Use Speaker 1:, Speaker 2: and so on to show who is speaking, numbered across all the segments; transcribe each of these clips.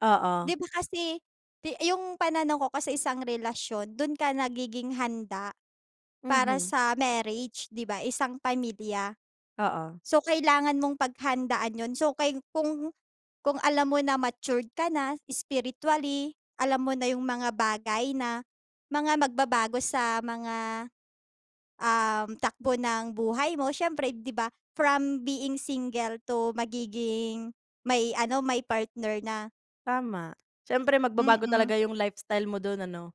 Speaker 1: Oo.
Speaker 2: Di ba kasi te yung pananaw ko kasi isang relasyon dun ka nagiging handa para
Speaker 1: Mhm.
Speaker 2: sa marriage, di ba, isang pamilya.
Speaker 1: Oo.
Speaker 2: So, kailangan mong paghandaan yun. So, kay kung kung alam mo na matured ka na spiritually. Alam mo na yung mga bagay na mga magbabago sa mga, um, takbo ng buhay mo syempre, di ba, from being single to magiging may ano may partner na.
Speaker 1: Tama. Siyempre magbabago
Speaker 2: Mm.
Speaker 1: talaga yung lifestyle mo dun ano.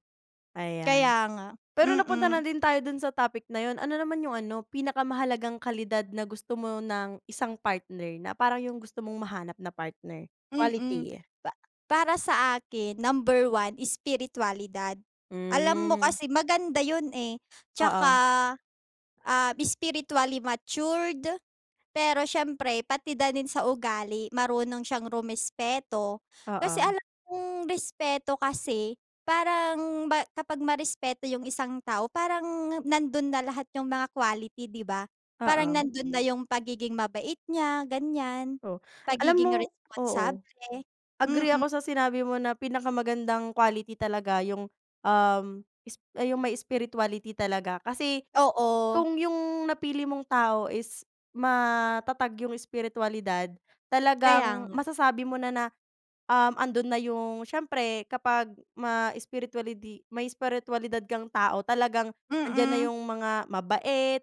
Speaker 1: Ayan.
Speaker 2: Kaya nga,
Speaker 1: Pero napunta
Speaker 2: mm.
Speaker 1: na din tayo dun sa topic na yun ano naman yung ano pinakamahalagang kalidad na gusto mo ng isang partner na parang yung gusto mong mahanap na partner,
Speaker 2: Mm,
Speaker 1: quality yeah.
Speaker 2: pa para sa akin number one spiritualidad. Alam mo
Speaker 1: Hmm.
Speaker 2: kasi maganda yun, eh. Tsaka,
Speaker 1: Oo.
Speaker 2: um, spiritually matured. Pero syempre pati da nin sa ugali marunong siyang rumespeto. Kasi
Speaker 1: Oo.
Speaker 2: alam mong respeto kasi parang ba kapag marespeto yung isang tao parang nandun na lahat yung mga quality, di ba? Parang
Speaker 1: Oo.
Speaker 2: nandun na yung pagiging mabait niya, ganyan,
Speaker 1: Oh, alam
Speaker 2: pagiging
Speaker 1: mo oo,
Speaker 2: responsable, mm.
Speaker 1: agree ako sa sinabi mo na pinakamagandang quality talaga yung, um, esp yung may spirituality talaga. Kasi,
Speaker 2: Oo.
Speaker 1: kung yung napili mong tao is matatag yung espiritualidad
Speaker 2: Kaya
Speaker 1: talagang
Speaker 2: nga.
Speaker 1: masasabi mo na na, um, andun na yung siyempre kapag ma-espiritualidi may espiritwalidad kang tao talagang nandiyan na
Speaker 2: Mm.
Speaker 1: yung mga mabait,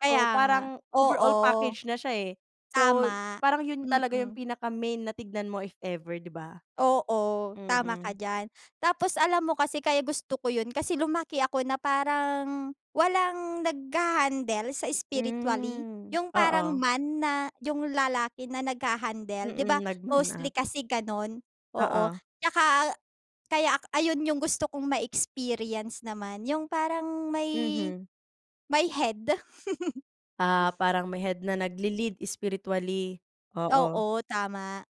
Speaker 2: Kaya nga,
Speaker 1: Parang overall
Speaker 2: oo.
Speaker 1: package na siya, eh. So y
Speaker 2: Tama,
Speaker 1: parang yun talaga yung
Speaker 2: mm.
Speaker 1: pinaka main na tignan mo if ever, di ba?
Speaker 2: Oo, tama ka
Speaker 1: Mm.
Speaker 2: diyan. Tapos alam mo kasi kaya gusto ko yun kasi lumaki ako na parang walang naghahandle sa spiritually,
Speaker 1: Hmm,
Speaker 2: yung parang
Speaker 1: oo.
Speaker 2: man na yung lalaki na naghahandle. Di ba,
Speaker 1: Mm, nag-man
Speaker 2: mostly
Speaker 1: up.
Speaker 2: kasi ganun. Oo,
Speaker 1: Oo.
Speaker 2: tsaka, eh kaya ak ayun yung gusto kong ma-experience naman yung parang may
Speaker 1: Mhm.
Speaker 2: may head.
Speaker 1: Ah, parang may head na nagle-lead spiritually. Oo.
Speaker 2: Oo, tama.